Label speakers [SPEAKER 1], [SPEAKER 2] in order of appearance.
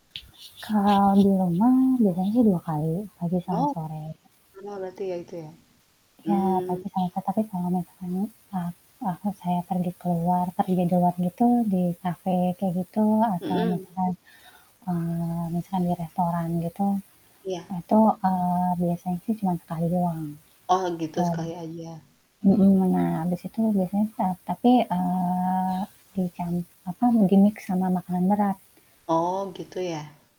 [SPEAKER 1] Kalau di rumah, biasanya sih 2 kali, pagi sama
[SPEAKER 2] Oh,
[SPEAKER 1] sore.
[SPEAKER 2] lama berarti, ya, itu ya.
[SPEAKER 1] Iya,
[SPEAKER 2] Mmm.
[SPEAKER 1] pagi sama so tapi kalau misalkan, eee, waktu saya pergi keluar, pergi di luar gitu, di kafe kayak gitu, atau
[SPEAKER 2] Mhm.
[SPEAKER 1] misalkan, eee, misalkan di restoran gitu,
[SPEAKER 2] Iya.
[SPEAKER 1] itu, eee, biasanya sih, cuman sekali doang.
[SPEAKER 2] Oh, gitu,
[SPEAKER 1] Tap
[SPEAKER 2] sekali aja.
[SPEAKER 1] mhm, nah, habis itu biasanya e tapi, eee, dicam apa, di-mix sama makanan berat.
[SPEAKER 2] Oh, gitu, ya.